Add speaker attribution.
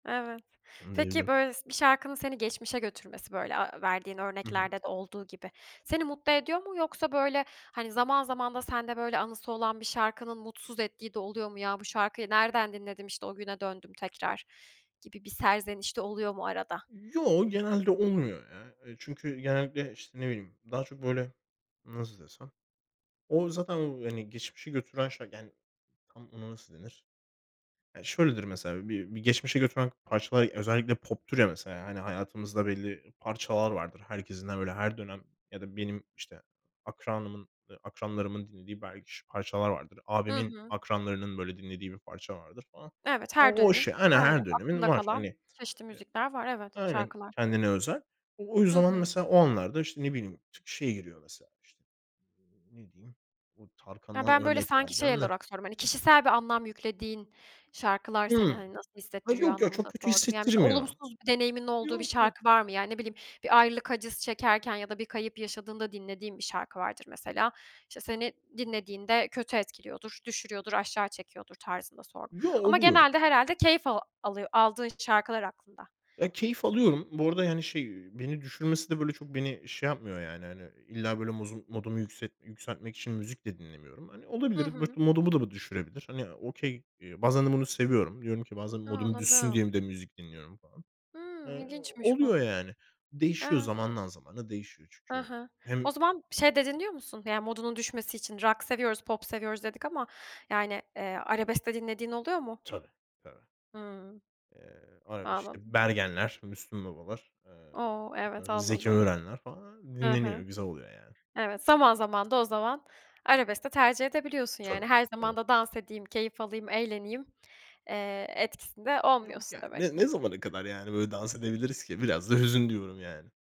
Speaker 1: Evet. Peki
Speaker 2: [unintelligible]
Speaker 1: böyle s bir şarkının seni geçmişe götürmesi böyle aaa verdiğin
Speaker 2: Hı hı.
Speaker 1: örneklerde de olduğu gibi seni mutlu ediyor mu yoksa, böyle, hani, zaman zaman da sende böyle anısı olan bir şarkının mutsuz ettiği de oluyor mu? Ya, bu şarkıyı nereden dinledim işte o güne döndüm, tekrar gibi bir serzeniş de oluyor mu arada?
Speaker 2: Yo, genelde olmuyor, ya. Eee, çünkü, genellikle, işte ne bileyim, daha çok böyle, nasıl desem? O zaten o hani geçmişe götüren şey, yani tam ona nasıl denir? Ya şöyledir mesela bir bir geçmişe götüren parçalar özellikle poptur ya mesela, hani hayatımızda belli parçalar vardır. Herkesin de böyle her dönem ya da benim işte akranımın, eee akranlarımın dinlediği belki ş parçalar vardır.
Speaker 1: Hı
Speaker 2: Abimin
Speaker 1: hı.
Speaker 2: akranlarının böyle dinlediği bir parça vardır falan.
Speaker 1: Evet, her
Speaker 2: O o
Speaker 1: dönemin
Speaker 2: işte, aynen
Speaker 1: Aynen
Speaker 2: her dönemin
Speaker 1: aklında
Speaker 2: var. Hani,
Speaker 1: kalan, çeşitli
Speaker 2: eee
Speaker 1: müzikler var. Evet
Speaker 2: aynen
Speaker 1: şarkılar.
Speaker 2: kendine özel. O o
Speaker 1: Hı
Speaker 2: yüzden [unintelligible]
Speaker 1: hı.
Speaker 2: mesela o anlarda işte ne bileyim, ş şey geliyor mesela, işte ne diyeyim, bu
Speaker 1: Ya,
Speaker 2: Tarkan'dan
Speaker 1: ben ,böyle,
Speaker 2: örnek
Speaker 1: sanki şey
Speaker 2: vereceğim de.
Speaker 1: olarak sordum, hani kişisel bir anlam yüklediğin şarkılar seni,
Speaker 2: Hımm.
Speaker 1: hani, nasıl
Speaker 2: Ha
Speaker 1: hissettiriyor
Speaker 2: yok ya, çok
Speaker 1: anlamında
Speaker 2: kötü
Speaker 1: sordum. Yani mesela
Speaker 2: hissettirmiyor.
Speaker 1: olumsuz bir deneyiminin olduğu bir
Speaker 2: Yok yok.
Speaker 1: şarkı var mı? Yani ne bileyim bir ayrılık acısı çekerken ya da bir kayıp yaşadığında dinlediğin bir şarkı vardır mesela. İşte seni dinlediğinde kötü etkiliyordur, düşürüyordur, aşağı çekiyordur tarzında sordum.
Speaker 2: Yo
Speaker 1: Ama
Speaker 2: oluyor.
Speaker 1: genelde herhâlde keyif al alıyo aldığın şarkılar aklında.
Speaker 2: Ya keyif alıyorum. Bu arada yani şey, beni düşürmesi de böyle, çok beni şey yapmıyor yani, hani illa böyle mozu modumu yükset yükseltmek için müzik de dinlemiyorum. Hani
Speaker 1: Hı
Speaker 2: olabilir, mot
Speaker 1: hı.
Speaker 2: modumu da bu düşürebilir. Hani okey, eee, bazen de bunu seviyorum. Diyorum ki bazen
Speaker 1: A.
Speaker 2: modum düşsün
Speaker 1: Anladım.
Speaker 2: diye bir de müzik dinliyorum falan.
Speaker 1: Hımm.
Speaker 2: Eee,
Speaker 1: İlginçmiş bu.
Speaker 2: oluyor yani. Değişiyor,
Speaker 1: Evet.
Speaker 2: zamandan zamana değişiyor
Speaker 1: Ha
Speaker 2: çünkü.
Speaker 1: ha. O
Speaker 2: Hem
Speaker 1: zaman şey de dinliyor musun? Yani modunun düşmesi için rock seviyoruz, pop seviyoruz dedik ama, yani, eee, arabesk de dinlediğin oluyor mu?
Speaker 2: Tabii. Tabii.
Speaker 1: Hımm.
Speaker 2: Eee, öyle işte
Speaker 1: Anladım.
Speaker 2: Bergen'ler, Müslüm Baba'lar, eee
Speaker 1: O. Evet
Speaker 2: Zeki
Speaker 1: anladım.
Speaker 2: Müren'ler falan hani
Speaker 1: Hı
Speaker 2: dinleniyor,
Speaker 1: hı.
Speaker 2: güzel oluyor yani.
Speaker 1: Evet zaman zaman da o zaman arabes de tercih edebiliyorsun
Speaker 2: Tabii,
Speaker 1: yani. Her
Speaker 2: tabii.
Speaker 1: zaman da dans edeyim, keyif alayım, eğleneyim, eee, etkisinde
Speaker 2: Yok,
Speaker 1: olmuyorsun
Speaker 2: ya,
Speaker 1: demek
Speaker 2: ne ne
Speaker 1: ki.
Speaker 2: zamana kadar yani böyle dans edebiliriz ki? Biraz da hüzün diyorum yani.